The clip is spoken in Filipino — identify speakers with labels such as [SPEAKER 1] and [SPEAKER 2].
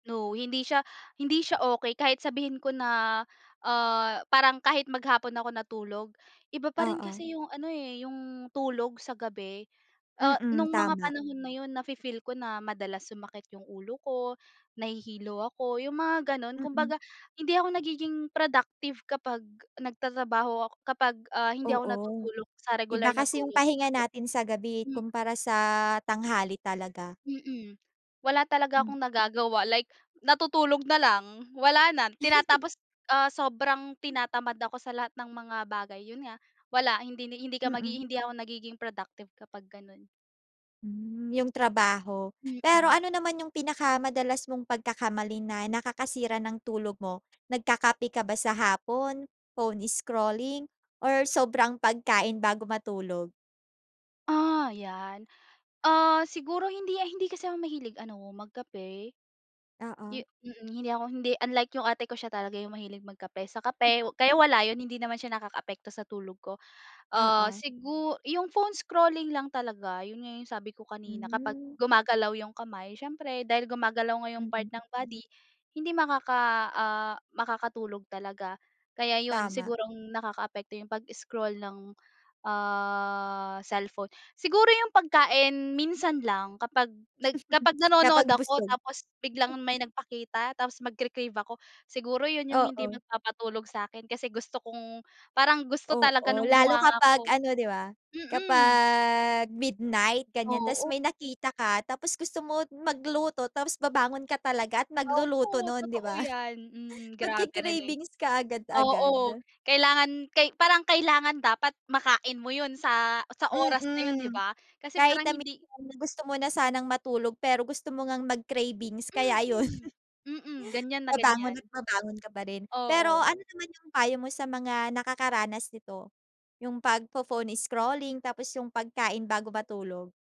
[SPEAKER 1] No. Hindi siya hindi siya okey kahit sabihin ko na ah parang kahit maghapon ako natulog, iba pa rin
[SPEAKER 2] Oo.
[SPEAKER 1] kasi yung ano eh, yung tulog sa gabi. Ah
[SPEAKER 2] Mm,
[SPEAKER 1] no'ng mga
[SPEAKER 2] tama.
[SPEAKER 1] panahon na yun nafi-feel ko na madalas sumakit yung ulo ko, nahihilo ako, yung mga gano'n.
[SPEAKER 2] Mm.
[SPEAKER 1] Kumbaga hindi ako nagiging productive kapag nagtatrabaho ako kapag ah hindi ako
[SPEAKER 2] Oo.
[SPEAKER 1] natutulog sa
[SPEAKER 2] Iba
[SPEAKER 1] regular na
[SPEAKER 2] kasi yung
[SPEAKER 1] tulog,
[SPEAKER 2] pahinga
[SPEAKER 1] ayun.
[SPEAKER 2] natin sa gabi eh,
[SPEAKER 1] Mhm.
[SPEAKER 2] kumpara sa tanghali talaga.
[SPEAKER 1] Mhm. Wala talaga
[SPEAKER 2] Hmm.
[SPEAKER 1] akong nagagawa, like natutulog na lang, wala na tinatapos ah sobrang tinatamad ako sa lahat ng mga bagay. Yun nga, wala, hindi hindi ka
[SPEAKER 2] Mm.
[SPEAKER 1] hindi ako nagiging productive kapag gano'n.
[SPEAKER 2] Hmm, yung trabaho. Pero
[SPEAKER 1] Mm.
[SPEAKER 2] ano naman yung pinakamadalas mong pagkakamali na nakakasira ng tulog mo, nagkakape ka ba sa hapon, phone scrolling, or sobrang pagkain bago matulog?
[SPEAKER 1] Ah, yan. Ah siguro hindi a hindi kasi ako mahilig ano magkape. Yu
[SPEAKER 2] Oo.
[SPEAKER 1] mhm. Hindi ako hindi unlike yung ate ko, siya talaga yung mahilig magkape sa kape. Kaya wala yun, hindi naman siya nakakaapekto sa tulog ko. Ah
[SPEAKER 2] Oo.
[SPEAKER 1] sigu yung phone scrolling lang talaga, yun nga yung sabi ko kanina kapag
[SPEAKER 2] Hmm.
[SPEAKER 1] gumagalaw yung kamay, siyempre dahil gumagalaw nga yung part
[SPEAKER 2] Mm.
[SPEAKER 1] ng body, hindi makaka ah makakatulog talaga. Kaya yun,
[SPEAKER 2] Tama.
[SPEAKER 1] siguro ang nakakaapekto yung pag-scroll ng ah cellphone. Siguro yung pagkain, minsan lang. Kapag nag kapag nanonood
[SPEAKER 2] Kapag
[SPEAKER 1] ako
[SPEAKER 2] busog.
[SPEAKER 1] tapos biglang may nagpakita, tapos magkre-crave ako. Siguro yun yung hindi
[SPEAKER 2] Oo.
[SPEAKER 1] magpapatulog sa'kin, kasi gusto kong parang gusto talaga
[SPEAKER 2] Oo.
[SPEAKER 1] ng
[SPEAKER 2] Lalo
[SPEAKER 1] bunganga
[SPEAKER 2] kapag
[SPEAKER 1] ko.
[SPEAKER 2] ano 'di ba?
[SPEAKER 1] Mm.
[SPEAKER 2] Kapag midnight, ganyan, tapos
[SPEAKER 1] Oo.
[SPEAKER 2] may nakita ka, tapos gusto mo magluto, tapos babangon ka talaga at magluluto
[SPEAKER 1] Oo.
[SPEAKER 2] no'n, 'di
[SPEAKER 1] Totoo
[SPEAKER 2] ba?
[SPEAKER 1] yan. Mm, grabe, relate.
[SPEAKER 2] Nagke-cravings
[SPEAKER 1] Oo.
[SPEAKER 2] kaagad-agad.
[SPEAKER 1] Kailangan kay parang kailangan dapat makain mo yun sa, sa oras na yun, 'di
[SPEAKER 2] Mm.
[SPEAKER 1] ba? Kasi
[SPEAKER 2] Kahit
[SPEAKER 1] parang
[SPEAKER 2] na
[SPEAKER 1] hindi
[SPEAKER 2] minsan gusto mo na sanang matulog pero gusto mo ngang mag-cravings, kaya ayun,
[SPEAKER 1] Mm. Mm. Ganyan na
[SPEAKER 2] babangon
[SPEAKER 1] ganyan.
[SPEAKER 2] at babangon ka pa rin. Pero
[SPEAKER 1] Oo.
[SPEAKER 2] ano naman yung payo mo sa mga nakakaranas nito, yung pagpo-phone scrolling, tapos yung pagkain bago matulog?